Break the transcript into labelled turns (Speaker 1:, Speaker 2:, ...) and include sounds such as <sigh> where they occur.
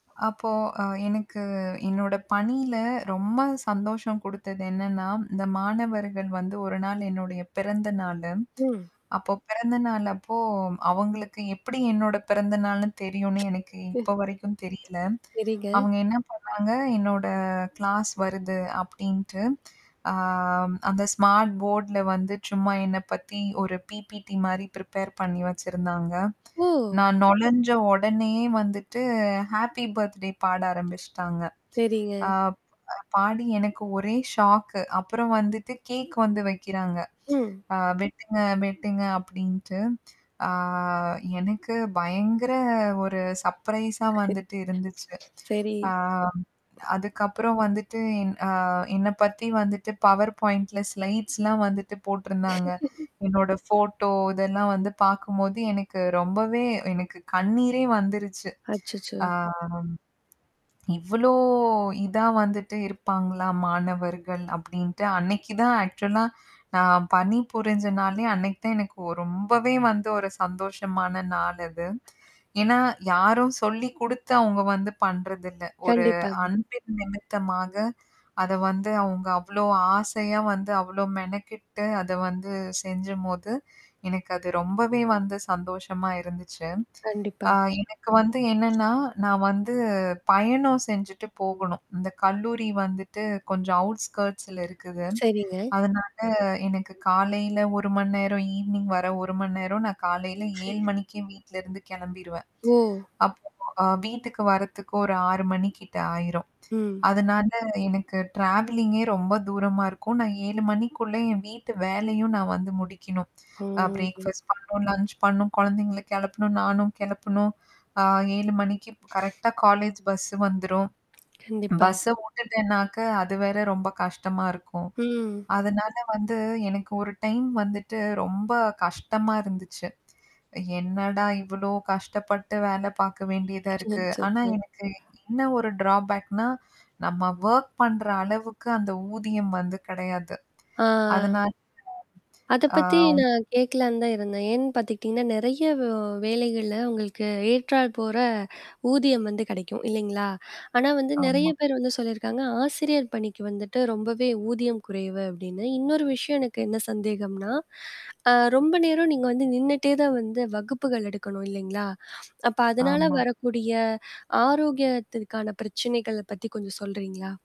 Speaker 1: அப்போ, ஆ, எனக்கு என்னோட பணியில ரொம்ப சந்தோஷம் குடுத்தது என்னன்னா, இந்த மாணவர்கள் வந்து 1 நாள், என்னுடைய பிறந்த நாளு.
Speaker 2: ம்.
Speaker 1: அப்ப பிறந்தநாள் அப்போ, அவங்களுக்கு எப்படி என்னோட பிறந்த நாள்னு தெரியும்னு எனக்கு
Speaker 2: சரிங்க
Speaker 1: இப்போ
Speaker 2: <laughs>
Speaker 1: வரைக்கும் தெரியல.
Speaker 2: செரிங்க.
Speaker 1: அவங்க என்ன பண்ணாங்க என்னோட கிளாஸ் வருது அப்படின்ட்டு, ஆ,
Speaker 2: ஆ
Speaker 1: அந்த ஸ்மார்ட் போர்டி ல வந்து சும்மா என்னை பத்தி ஒரு பிபிடி மாதிரி பிரிப்பேர் பண்ணி வெச்சிருந்தாங்க.
Speaker 2: ஓ!
Speaker 1: நான் நொழைஞ்ச உடனேயே வந்துட்டு ஹேப்பி பர்த்டே பாட ஆரம்பிச்சுட்டாங்க.
Speaker 2: செரிங்க.
Speaker 1: ஆ, பாடி எனக்கு ஒரே ஷாக்கு அப்பறம் வந்துட்டு கேக் வந்து வைக்கிறாங்க.
Speaker 2: ம்.
Speaker 1: ஆ, வெட்டுங்க வெட்டுங்க, அப்படின்ட்டு, ஆ, எனக்கு பயங்கர ஒரு சர்ப்ரைஸ் ஆ, வந்துட்டு இருந்துச்சு.
Speaker 2: செரி
Speaker 1: ஆ, அதுக்கப்பறம் வந்துட்டு, ஆ, என் என்ன பத்தி வந்துட்டு பவர் பாயிண்ட்டில் ஸ்லைட்ஸ் -லாம் வந்துட்டு போட்டிருந்தாங்க.
Speaker 2: <laughs>
Speaker 1: என்னோட ஃபோட்டோ இதெல்லாம் வந்து பாக்கும்போது எனக்கு ரொம்பவே எனக்கு கண்ணீரே வந்துருச்சு.
Speaker 2: அச்சச்சோ!
Speaker 1: ஆ, இவ்வளோ இத வந்துட்டு இருப்பாங்கள மாணவர்கள் அப்படின்ட்டு, அன்னைக்கு தான் ஆக்சுவல -ஆ நான் பணி புருஞ்ச, நாளே அன்னைக்கு தான் எனக்கு ரொம்பவே வந்து ஒரு சந்தோஷமான நாள் அது. ஏன்னா, யாரும் சொல்லி குடுத்து அவங்க வந்து பண்றதில்ல. ஒரு
Speaker 2: கண்டிப்பாங்க.
Speaker 1: அன்பின் நிமித்தமாக அத வந்து அவங்க அவ்வளோ ஆசையாக வந்து, அவ்வளோ மெனக்கிட்டு, அத வந்து செஞ்சும்போது, எனக்கு அது ரொம்பவே வந்து சந்தோஷமா இருந்துச்சு.
Speaker 2: கண்டிப்பா.
Speaker 1: ஆ, எனக்கு வந்து என்னன்னா, நான் வந்து பயணம் செஞ்சுட்டு போகணும். இந்த கல்லூரி வந்துட்டு கொஞ்சம் அவுட்ஸ்கர்ட்ஸி -ல இருக்குது.
Speaker 2: செரிங்க.
Speaker 1: அதனால, எனக்கு காலையில் 1 மணி நேரம் ஈவினிங் வர 1 மணி நேரம் நான் காலையில் 7
Speaker 2: <laughs>
Speaker 1: மணிக்கே வீட்லருந்து கெளம்பிறுவேன்.
Speaker 2: <laughs> ஓ!
Speaker 1: அப்போ வீட்டுக்கு வர்றதுக்கு ஒரு 6 மணி கிட்ட ஆயிரும்.
Speaker 2: ம்.
Speaker 1: அதனால் எனக்கு ட்ராவலிங் -கே ரொம்ப தூரமா இருக்கும். நான் 7 மணிக்குள்ள என் வீட்டு வேலையும் நான் வந்து முடிக்கணும்
Speaker 2: ம்ஹம்
Speaker 1: பிரேக்ஃபாஸ்ட் பண்ணும், லஞ்ச் பண்ணும், குழந்தைங்கள கிளப்பணும், நானும் கிளப்பணும், 7 மணிக்கு கரெக்ட்டா காலேஜ் பஸ்சு வந்துரும்
Speaker 2: <smacks lips> கண்டிப்பா.
Speaker 1: பஸ்ச விட்டுட்டேனாக்க அது வேறு ரொம்ப கஷ்டமா இருக்கும்.
Speaker 2: ம்.
Speaker 1: அதனால வந்து, எனக்கு ஒரு டைம் வந்துட்டு ரொம்ப கஷ்டமாக இருந்துச்சு. என்னடா இவ்வளோ கஷ்டப்பட்டு வேலை பாக்க வேண்டியதா இருக்கு. ஆனா, எனக்கு
Speaker 2: <unintelligible>
Speaker 1: இன்னும் ஒரு டிராபேக் -னா, நம்ம வொர்க் பண்ற அளவுக்கு அந்த ஊதியம் வந்து கெடையாது.
Speaker 2: ஆ,
Speaker 1: அதனால
Speaker 2: அதை
Speaker 1: ஆ,
Speaker 2: பத்தி நான் கேட்கலான்னு தான் இருந்தேன். ஏன் பாத்துக்கிட்டிங்கன்னா, நெறைய வேவ் வேலைகள உங்களுக்கு ஏற்றார் போற ஊதியம் வந்து கெடைக்கும், இல்லைங்களா? ஆனா வந்து நெறைய
Speaker 1: ஆமா,
Speaker 2: பேர் வந்து சொல்லியிருக்காங்க, ஆசிரியர் பணிக்கு வந்துட்டு ரொம்பவே ஊதியம் குறைவு அப்படின்னு. இன்னொரு விஷயம், எனக்கு என்ன சந்தேகம்னா, ஆ, ரொம்ப நேரம் நீங்க வந்து நின்னுட்டே தான் வந்து வகுப்புகள் எடுக்கணும், இல்லைங்களா? அப்போ, அதனால
Speaker 1: ஆமா.
Speaker 2: வரக்கூடிய ஆரோக்கியத்திற்கான பிரச்சனைகள பத்தி கொஞ்சம் சொல்கிறீங்களா?